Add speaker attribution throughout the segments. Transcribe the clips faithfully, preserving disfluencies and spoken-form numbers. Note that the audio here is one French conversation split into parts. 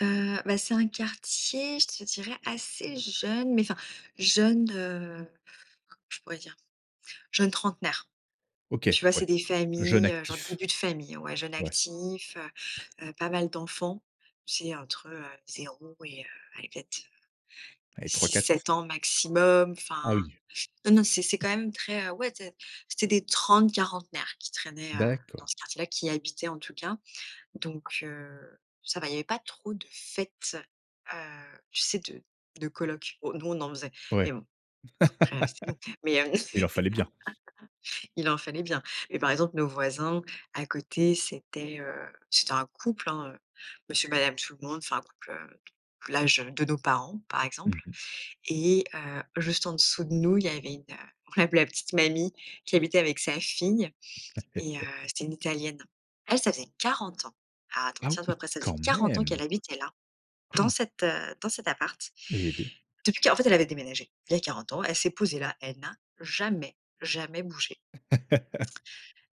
Speaker 1: Heu, bah, c'est un quartier, je te dirais assez jeune, mais enfin, jeune, heu, je pourrais dire jeunes trentenaires.
Speaker 2: OK,
Speaker 1: Tu vois,
Speaker 2: ouais,
Speaker 1: c'est des
Speaker 2: jeunes
Speaker 1: familles, heu, genre
Speaker 2: actifs,
Speaker 1: début de famille, ouais, jeunes
Speaker 2: ouais.
Speaker 1: actifs, heu heu, pas mal d'enfants. Tu sais entre, heu, zéro et heu, aller, peut-être
Speaker 2: Allez, trois-quatre.
Speaker 1: six-sept ans maximum.
Speaker 2: Ah
Speaker 1: Enfin,
Speaker 2: oui.
Speaker 1: non, non, c'est c'est quand même très, heu, ouais té c'est des trente-quarantenaires qui traînaient, heu, dans
Speaker 2: D'accord.
Speaker 1: ce quartier-là, qui y habitaient en tout cas. Donc, heu, ça va, il y avait pas trop de fêtes, heu, tu sais, de de collocs. Oh, nous on en faisait et
Speaker 2: Ouais,
Speaker 1: bon, après, heu, c'était nous. Mais, heu,
Speaker 2: il en fallait bien.
Speaker 1: il en fallait bien. Et par exemple, nos voisins, à côté, c'était, heu, c'était un couple, hein, heu, monsieur madame tout-le-monde, enfin un couple, heu, l'âge, heu, de nos parents par
Speaker 2: Mmh
Speaker 1: exemple
Speaker 2: mh.
Speaker 1: et heu, juste en dessous de nous il y avait une, heu, on l'appelait la petite mamie, qui habitait avec sa fille, et heu, c'était une italienne. Elle, ça faisait quarante ans. Attends,
Speaker 2: Ah
Speaker 1: tiens toi
Speaker 2: oui,
Speaker 1: prêt ça faisait
Speaker 2: quand
Speaker 1: quarante ans
Speaker 2: même!
Speaker 1: qu'elle habitait là, dans
Speaker 2: Han.
Speaker 1: cet, heu, dans cet appart.
Speaker 2: Eh beh!
Speaker 1: Depuis quar en fait elle avait déménagé. Il y a quarante ans, elle s'est posée là, elle n'a jamais, jamais bougé.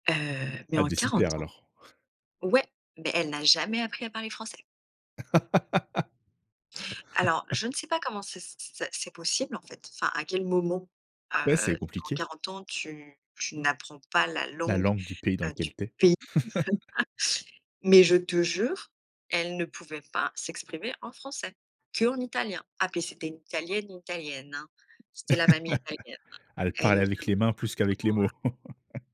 Speaker 1: Heu, mais
Speaker 2: Elle
Speaker 1: en
Speaker 2: devait s'y
Speaker 1: quarante
Speaker 2: plaire
Speaker 1: ans
Speaker 2: alors.
Speaker 1: ouais, mais elle n'a jamais appris à parler français. Alors, je ne sais pas comment c'est s ça c'est possible en fait, enfin à quel moment,
Speaker 2: Ouais, c'est
Speaker 1: heu, en
Speaker 2: compliqué.
Speaker 1: quarante ans tu tu n'apprends pas la
Speaker 2: La
Speaker 1: langue,
Speaker 2: langue du pays dans
Speaker 1: heu, du
Speaker 2: lequel tu es.
Speaker 1: pays. Mais je te jure, elle ne pouvait pas s'exprimer en français, qu'en italien. Ah, puis c'était une italienne, italienne, hein. C'était la mamie italienne, hein.
Speaker 2: Elle
Speaker 1: Elle nous
Speaker 2: parlait avec
Speaker 1: faisait un
Speaker 2: les mains plus qu'avec les mots.
Speaker 1: [unintelligible]